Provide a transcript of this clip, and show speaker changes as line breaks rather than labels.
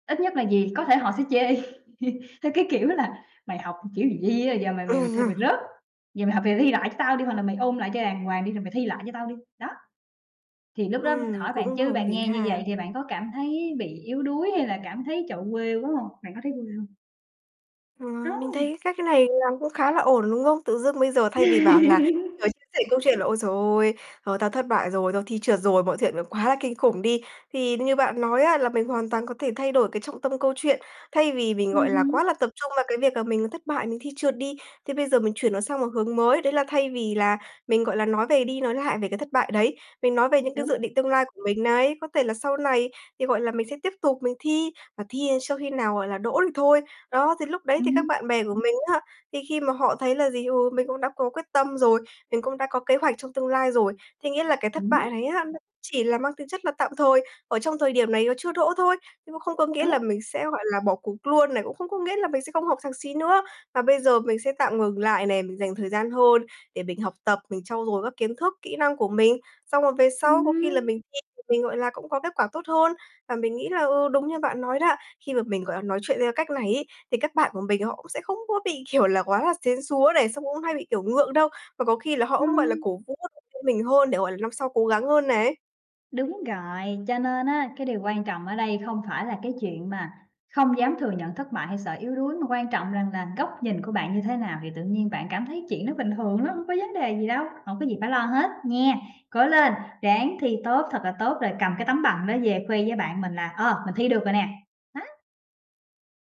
Ít nhất là gì, có thể họ sẽ chê theo cái kiểu là "Mày học kiểu gì vậy, giờ mày mày mày thi mày rớt, giờ mày học thì thi lại cho tao đi, hoặc là mày ôn lại cho đàng hoàng đi rồi mày thi lại cho tao đi". Đó. Thì lúc đó,
Ừm,
hỏi bạn
cũng
chứ
hợp
bạn
lý
nghe như vậy
ha.
thì bạn có cảm thấy bị yếu đuối hay là cảm thấy, trời ơi, quê quá hông? Bạn có thấy quê hông?
Ờ, mình thấy
Hông!
cái cách này làm cũng khá là ổn, đúng không? Tự dưng bây giờ thay vì bảo là, ờ, chia sẻ câu chuyện là ôi giời ôi, ờ, tao thất bại rồi, tao thi trượt rồi, mọi chuyện nó quá là kinh khủng đi. Thì như bạn nói á là mình hoàn toàn có thể thay đổi cái trọng tâm câu chuyện, thay vì mình,
Ừm
gọi là,
hứm.
quá là tập trung vào cái việc là mình thất bại, mình thi trượt đi, thế bây giờ mình chuyển nó sang một hướng mới. Đấy là thay vì là mình, gọi là, nói về đi nói lại về cái thất bại đấy, mình nói về những cái
Đúng.
dự định tương lai của mình này. Có thể là sau này thì, gọi là, mình sẽ tiếp tục mình thi và thi đến cho khi nào, gọi là, đỗ thì thôi. Đó, thì lúc đấy thì các
Ừm.
bạn bè của mình á, thì khi mà họ thấy là gì, ừ, mình cũng đã có quyết tâm rồi, mình cũng đã có kế hoạch trong tương lai rồi. Thế nghĩa là cái thất bại
Đúng.
này á nó chỉ là mang tính chất là tạm thời, ở trong thời điểm này nó chưa đỗ thôi, nhưng mà không có nghĩa là
Đúng.
mình sẽ, gọi là, bỏ cuộc luôn này, cũng không có nghĩa là mình sẽ không học thạc sĩ nữa. Và bây giờ mình sẽ tạm ngừng lại này, mình dành thời gian hơn để mình học tập, mình trau dồi các kiến thức, kỹ năng của mình. Xong rồi về sau có khi là
Ừm.
mình thi thì mình, gọi là, cũng có kết quả tốt hơn. Và mình nghĩ là, ừ, đúng như bạn nói đó, khi mà mình, gọi là, nói chuyện theo cách này ấy, thì các bạn của mình họ cũng sẽ không có bị, kiểu là, quá là sến súa này, xong cũng hay bị, kiểu, ngượng đâu. Và có khi là họ cũng, gọi là,
Ừm.
cổ vũ, động viên mình hơn để, gọi là, năm sau cố gắng hơn này.
Đúng rồi, cho nên á cái điều quan trọng ở đây không phải là cái chuyện mà không dám thừa nhận thất bại hay sợ yếu đuối, mà quan trọng rằng là góc nhìn của bạn như thế nào thì tự nhiên bạn cảm thấy chuyện đó bình thường lắm, hông có vấn đề gì đâu, hổng có gì phải lo hết nhé. Cố lên, ráng thi tốt thật là tốt rồi cầm cái tấm bằng đó về khoe với bạn mình là, ờ, mình thi được rồi nè. Nó.